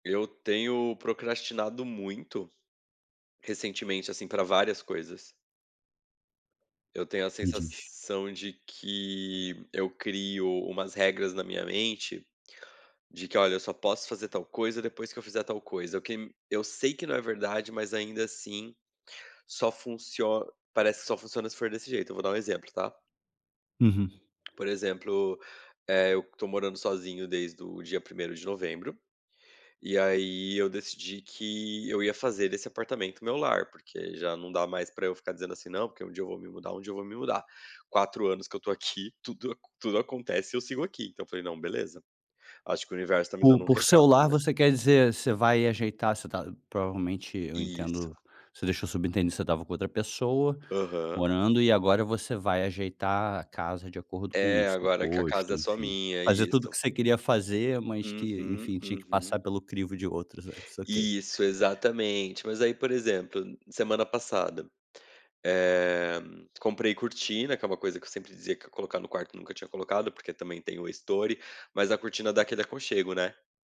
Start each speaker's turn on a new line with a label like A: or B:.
A: Eu tenho procrastinado muito, recentemente, assim, pra várias coisas. Eu tenho a
B: Me diz.
A: sensação de que eu crio umas regras na minha mente, de que "olha, eu só posso fazer tal coisa, depois que eu fizer tal coisa", eu que me eu sei que não é verdade, mas ainda assim, só funcio parece que só funciona se for desse jeito. Eu vou dar um exemplo, tá?
B: Uhum.
A: Por exemplo, eh, eu estou morando sozinho desde o dia primeiro de novembro, e aí eu decidi que eu ia fazer desse apartamento o meu lar, porque já não dá mais pra eu ficar dizendo assim: "Não, porque um dia eu vou me mudar, um dia eu vou me mudar". 4 anos que eu estou aqui, tudo aco tudo acontece e eu sigo aqui. Então eu falei: "Não, beleza. Acho que o universo tá me
B: Por
A: dando um
B: por "seu
A: recado,
B: lar"
A: né".
B: você quer dizer, você vai ajeitar você está provavelmente, eu
A: Isso.
B: entendo você deixou subentendido que você estava com outra pessoa
A: Aham.
B: morando e agora você vai ajeitar a casa de acordo com o
A: É,
B: seu
A: agora que a
B: gosto,
A: casa é só
B: enfim.
A: minha,
B: Fazer tudo o
A: isso.
B: que você queria fazer, mas que,
A: Uhum,
B: enfim, tinha que
A: uhum.
B: passar pelo crivo de outros antes? Ok.
A: Isso, exatamente. Mas, aí, por exemplo, semana passada, eh, comprei cortina, que é uma coisa que eu sempre dizia que eu ia colocar no quarto, nunca tinha colocado, porque também tem o estore, mas a cortina dá aquele aconchego, né.